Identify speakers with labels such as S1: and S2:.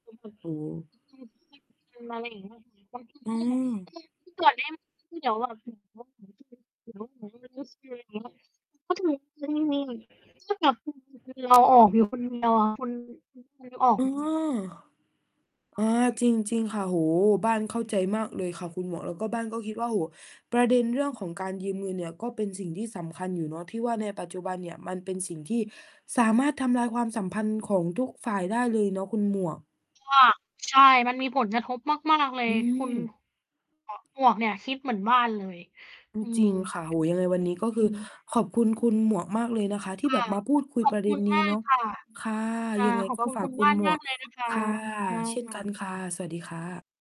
S1: โอ้โฮ
S2: มาไรอย่างเงี้ยเปล่า
S1: อืม
S2: แล้วทำไม คือที่นี่มัน ก็แบบ คือเราออกอยู่คนเดียวอะคุณ คือเราออก
S1: อ
S2: อ
S1: า
S2: ยู่คนเดียว
S1: อา จริง จริงค่ะ โอ้โฮ บ้านเข้าใจมากเลยค่ะคุณหมวก แล้วก็บ้านก็คิดว่า โอ้โฮ ประเด็นเรื่องของการยืมเงินเนี่ยก็เป็นสิ่งที่สำคัญอยู่เนาะ ที่ว่าในปัจจุบันเนี่ยมันเป็นสิ่งที่สามารถทำลายความสัมพันธ์ของทุกฝ่ายได้เลยเนาะคุณหมวก
S2: ก็ ใช่มันมีผลกระทบมาก ๆ เล
S1: อ
S2: ย
S1: ื
S2: คุณ
S1: ม
S2: ม หมวกเนี้ยคิดเหมือนบ้านเลย
S1: อื
S2: อ
S1: ม
S2: ื
S1: จร
S2: ม
S1: ิงค่ะ โอ้โฮ ยังไงวันนี้ก็
S2: อ
S1: ค
S2: ื
S1: ือ
S2: ม
S1: ขอบคุณคุณหมวกมากเลยนะคะ ที่
S2: ค
S1: แบ
S2: ่ะ
S1: บมาพูดคุย
S2: ขอ
S1: ป
S2: บ
S1: ระเด
S2: ค
S1: ็
S2: ุ
S1: น
S2: ณ
S1: น
S2: ม
S1: ี้
S2: า
S1: เ
S2: ก
S1: นาะ
S2: ค่ะ
S1: ค่ะ
S2: อา
S1: ยังไง
S2: ขอบ
S1: ก็
S2: คุณ
S1: ฝา
S2: ค
S1: ก
S2: ุณ
S1: คุ
S2: บ้
S1: ณ
S2: าน
S1: หม
S2: ม
S1: ว
S2: า
S1: ก
S2: กเลยนะค
S1: ค
S2: ะ
S1: ่ะ
S2: ค่ะ
S1: เช่นกันค่ะ สวัสดีค่ะ